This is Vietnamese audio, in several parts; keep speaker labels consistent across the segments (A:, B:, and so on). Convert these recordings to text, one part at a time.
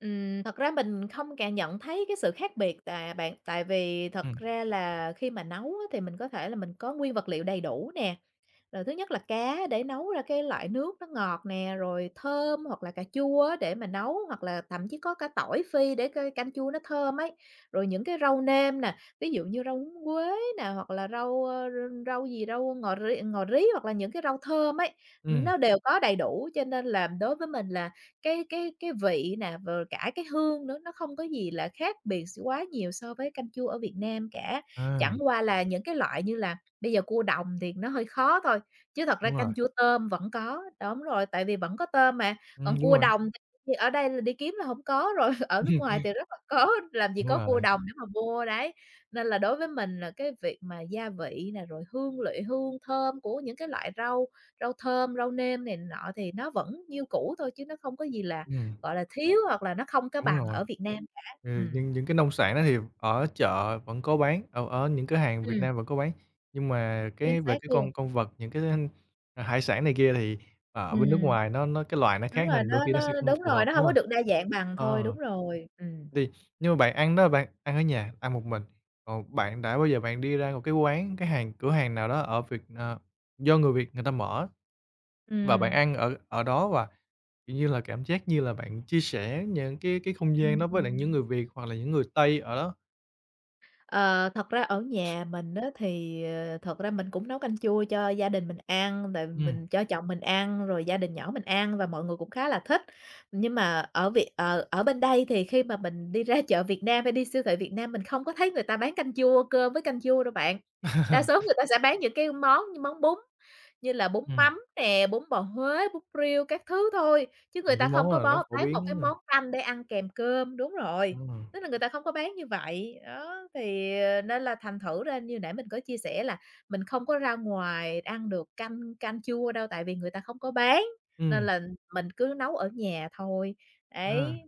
A: Ừm, thật ra mình không cảm nhận thấy cái sự khác biệt, à, bạn. Tại vì thật
B: Ừm.
A: ra là khi mà nấu á thì mình có thể là mình có nguyên vật liệu đầy đủ nè, rồi thứ nhất là cá để nấu ra cái loại nước nó ngọt nè, rồi thơm hoặc là cà chua á để mà nấu, hoặc là thậm chí có cả tỏi phi để c canh chua nó thơm ấy. Rồi những cái rau nêm nè, ví dụ như rau húng quế nè, hoặc là rau, ơ, r rau gì rau ngò ri ngò rí hoặc là những cái rau thơm ấy, ừ,
B: Ừm.
A: nó đều có đầy đủ cho nên là đối với mình là cái cái cái vị nè, rồi cả cái hương nữa, nó không có gì là khác biệt s quá nhiều so với canh chua ở Việt Nam cả.
B: À.
A: Chẳng qua là những cái loại như là bây giờ cua đồng thì nó hơi khó thôi, chứ thật ra
B: Đúng rồi.
A: canh chua tôm vẫn có. Đúng rồi, tại vì vẫn có tôm mà,
B: Ừm,
A: còn
B: đúng
A: cua
B: rồi.
A: đồng thì ở đây là đi kiếm là hổng có rồi, ở nước ngoài
B: Ừm.
A: thì rất là có làm gì
B: Đúng
A: có cua
B: rồi.
A: đồng để mà mua, đấy. Nên là đối với mình là cái việc mà gia vị nè, rồi hương liệu hương thơm của những cái loại rau, rau thơm, rau nêm này nọ thì nó vẫn như cũ thôi chứ nó không có gì là,
B: Ừm.
A: gọi là, thiếu hoặc là nó không có
B: Đúng
A: bằng
B: rồi.
A: ở Việt Nam cả.
B: Ừ,
A: Ừm.
B: nhưng những cái nông sản đó thì ở chợ vẫn có bán, ở ở những cửa hàng Việt
A: Ừm.
B: Nam vẫn có bán. Nhưng mà
A: Chính
B: cái về
A: xác
B: cái
A: luôn.
B: con con vật, những cái thức ăn hải sản này kia, thì ở bên nước
A: Ừm.
B: ngoài nó nó cái loài nó
A: Đúng
B: khác
A: rồi,
B: nên đôi
A: nó
B: khi nó sẽ
A: nó
B: không
A: đúng
B: phù hợp,
A: rồi, nó
B: đúng
A: hông có
B: hông?
A: được đa dạng bằng thôi. Đúng
B: Ờ.
A: rồi, ừm.
B: Thì nhưng mà bạn ăn đó bạn ăn ở nhà, ăn một mình, còn bạn đã bao giờ bạn đi ra một cái quán cái hàng, cửa hàng nào đó ở Việt Na do người Việt người ta mở. Và bạn
A: Ừm.
B: ăn ở ở đó và, kiểu như là, cảm giác như là bạn chia sẻ những cái cái không gian
A: Ừm,
B: đó với lại những
A: ừm.
B: người Việt hoặc là những người Tây ở đó?
A: Ờ, thật ra ở nhà mình á thì, ờ, thật ra mình cũng nấu canh chua cho gia đình mình ăn, rồi
B: Ừm.
A: mình cho chồng mình ăn, rồi gia đình nhỏ mình ăn và mọi người cũng khá là thích. Nhưng mà ở Việt ờ, ở bên đây thì khi mà mình đi ra chợ Việt Nam hay đi siêu thị Việt Nam mình không có thấy người ta bán canh chua, cơm với canh chua đâu bạn. Đa số người ta sẽ bán những cái món món bún như là bún
B: Ừm.
A: mắm nè, bún bò Huế, bún riêu các thứ thôi, chứ người
B: Những cái
A: ta không
B: món
A: có
B: là nó
A: bó
B: phổ
A: bán một cái
B: biến nè.
A: món canh để ăn kèm cơm. Đúng rồi,
B: Đúng rồi.
A: tức là người ta không có bán như vậy. Đó, thì, ờ, nên là thành thử ra như hồi nãy mình có chia sẻ là mình không có ra ngoài ăn được canh canh chua đâu tại vì người ta không có bán, nên
B: Ừm.
A: là mình cứ nấu ở nhà thôi.
B: À,
A: Đấy,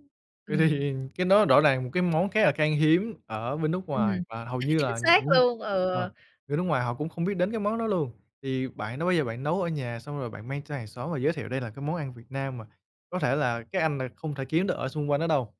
B: vậy
A: ừm.
B: thì cái đó rõ ràng là một cái món khá là khan hiếm ở bên nước ngoài
A: Ừm,
B: và hầu như
A: chính
B: là
A: xác
B: những
A: luôn,
B: ờ,
A: ừ.
B: bên nước ngoài họ cũng không biết đến cái món đó luôn. Thì bạn đã bao giờ bạn nấu ở nhà xong rồi bạn mang cho hàng xóm và giới thiệu đây là cái món ăn Việt Nam mà có thể là cái anh này không thể kiếm nó ở xung quanh đó đâu?